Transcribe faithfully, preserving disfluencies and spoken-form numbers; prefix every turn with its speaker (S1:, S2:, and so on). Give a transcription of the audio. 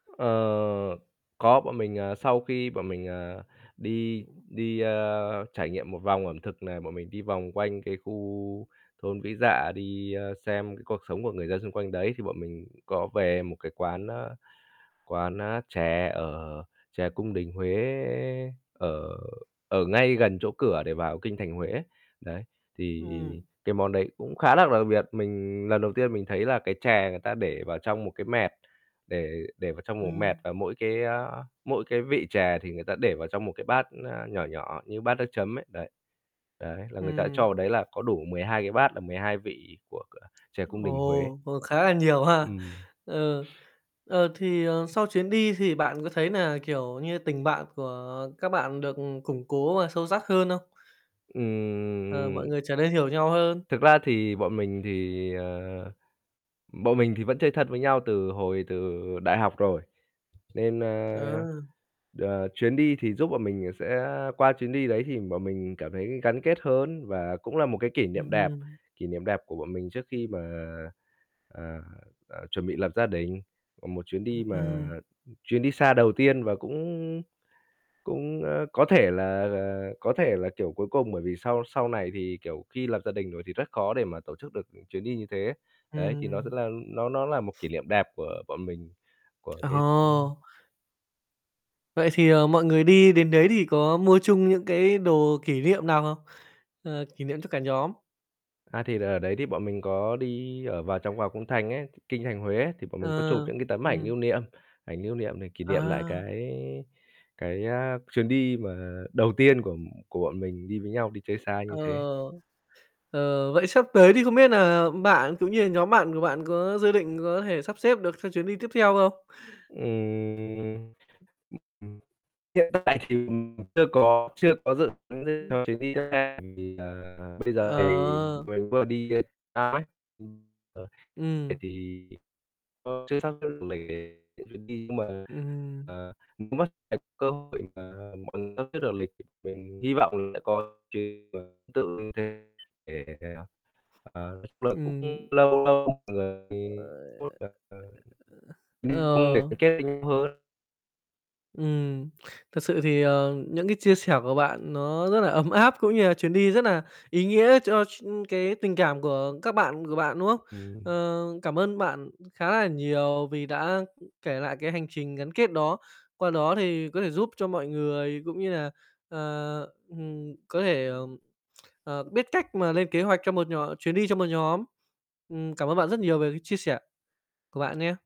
S1: Ờ, có. Bọn mình, ờ, sau khi bọn mình, à, đi
S2: Ừm.
S1: đi, ơ, trải nghiệm một vòng ẩm thực này, bọn mình đi vòng quanh cái khu thôn Vĩ Dạ, đi, ơ, xem cái cuộc sống của người dân xung quanh đấy, thì bọn mình có về một cái quán, a, quán, a, chè, ở chè cung đình Huế ở ở ngay gần chỗ cửa để vào Kinh thành Huế. Đấy, thì
S2: Ừm.
S1: cái món đấy cũng khá là đặc biệt, mình lần đầu tiên mình thấy là cái chè người ta để vào trong một cái mẹt, để để vào trong một mẹt
S2: Ừm.
S1: và mỗi cái, a, mỗi cái vị chè thì người ta để vào trong một cái bát, ơ, nhỏ nhỏ như bát nước chấm ấy, đấy, đấy, là người ta cho
S2: Ừm.
S1: vào đấy là có đủ mười hai cái bát là mười hai vị của của chè cung đình Huế.
S2: Ồ, ồ, khá là nhiều ha.
S1: Ừm.
S2: Ờ. Ờ, thì, ờ, sau chuyến đi thì bạn có thấy nà, kiểu như, tình bạn của các bạn được củng cố và sâu sắc hơn không? Ờ,
S1: Ừm,
S2: mọi
S1: ừm.
S2: người trở nên hiểu nhau hơn.
S1: Thực ra thì bọn mình thì, ờ, bọn mình thì vẫn chơi thân với nhau từ hồi từ đại học rồi nên, ơ,
S2: Ờ.
S1: ờ, chuyến đi thì giúp bọn mình sẽ qua chuyến đi đấy thì bọn mình cảm thấy gắn kết hơn và cũng là một cái kỷ
S2: Ừm
S1: niệm đẹp,
S2: hưm.
S1: kỷ niệm đẹp của bọn mình trước khi mà, ờ, ờ, chuẩn bị lập gia đình. Ờ, một chuyến đi
S2: Ừm,
S1: mà,
S2: ừm.
S1: ừm, chuyến đi xa đầu tiên và cũng cũng, ơ, có thể là, ờ, có thể là, kiểu, cuối cùng, bởi vì sau sau này thì, kiểu, khi lập gia đình thì rất khó để mà tổ chức được chuyến đi như thế. Đấy, thì nó rất
S2: Ừm.
S1: là nó nó là một kỷ niệm đẹp của bọn mình, của cái ừm.
S2: Ồ. Vậy thì, ờ, mọi người đi đến đấy thì có mua chung những cái đồ kỷ niệm nào không? Ờ, kỷ niệm cho cả nhóm.
S1: À, thì ở đấy thì bọn mình có đi ở vào trong vào cung thành ấy, Kinh thành Huế, thì bọn mình có
S2: Ờ,
S1: chụp những cái tấm ảnh
S2: ừm.
S1: lưu niệm, ảnh lưu niệm để kỷ niệm lại
S2: À.
S1: cái cái, a, chuyến đi mà đầu tiên
S2: Ừm.
S1: của của bọn mình đi với nhau đi chơi xa như
S2: Ờ.
S1: thế.
S2: Ờ. Vậy sắp tới thì không biết nà bạn cũng như là nhóm bạn của bạn có dự định có thể sắp xếp được cho chuyến đi tiếp theo không?
S1: Ừm, ừm, ừm. Hiện tại thì, ừm, chưa có chưa có dự tính gì
S2: Ừm.
S1: cho chuyến đi xa, ừm, thì giờ bây giờ thì
S2: Ờ.
S1: mình vừa đi xa ấy, ừm, ờ. Vậy
S2: Ừm.
S1: thì, ờ, chưa sắp xếp được lịch trình để mà đi, nhưng mà,
S2: Ừm hừm.
S1: à, cũng mất [unintelligible] cơ hội và mọi người sắp xếp được lịch trình, hy vọng sẽ có [unintelligible] tương tự như thế để, ờ, chung là cũng
S2: Ừm.
S1: lâu lâu mọi người có thể, ừm, đi
S2: Ờ.
S1: du lịch
S2: Ờ.
S1: gắn kết với nhau hơn.
S2: Ừm, thực sự thì, ờ, những cái chia sẻ của bạn nó rất là ấm áp, cũng như là chuyến đi rất là ý nghĩa cho s cái tình cảm của các bạn của bạn, đúng không?
S1: Ừm.
S2: Ờ, cảm ơn bạn khá là nhiều vì đã, ư, kể lại cái hành trình gắn kết đó. Qua đó thì có thể giúp cho mọi người, cũng như là, ờ, ừm, có thể, ờ, biết cách mà lên kế hoạch cho một nhóm chuyến đi cho một nhóm. Ừm, cảm ơn bạn rất nhiều về cái chia sẻ của bạn nhé.